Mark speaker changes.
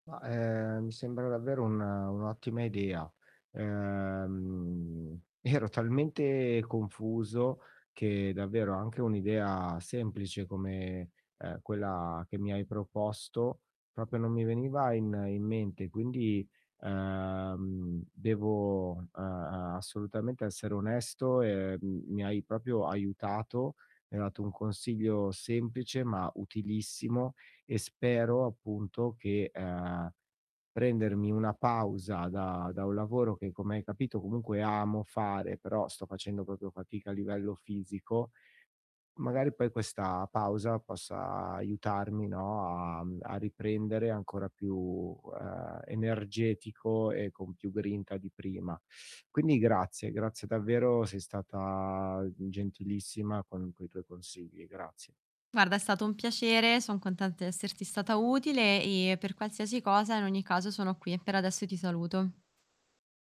Speaker 1: Ma, ehm, mi sembra davvero un un'ottima idea, ehm, ero talmente confuso che davvero anche un'idea semplice come, ehm, quella che mi hai proposto proprio non mi veniva in in mente. Quindi, ehm, devo, ehm ehm, assolutamente essere onesto e, uhm, mi hai proprio aiutato, mi hai dato un consiglio semplice, ma utilissimo e spero appunto che, ehm, prendermi una pausa da da un lavoro che, come hai capito comunque amo fare però sto facendo proprio fatica a livello fisico, magari poi questa pausa possa aiutarmi, no, a mhmm, a riprendere ancora più, ehm, energetico e con più grinta di prima. Quindi grazie, grazie davvero, sei stata gentilissima con quei tuoi consigli. Grazie.
Speaker 2: Guarda è stato un piacere, son contenta di esserti stata utile, ehm, per qualsiasi cosa in ogni caso sono qui e per adesso ti saluto.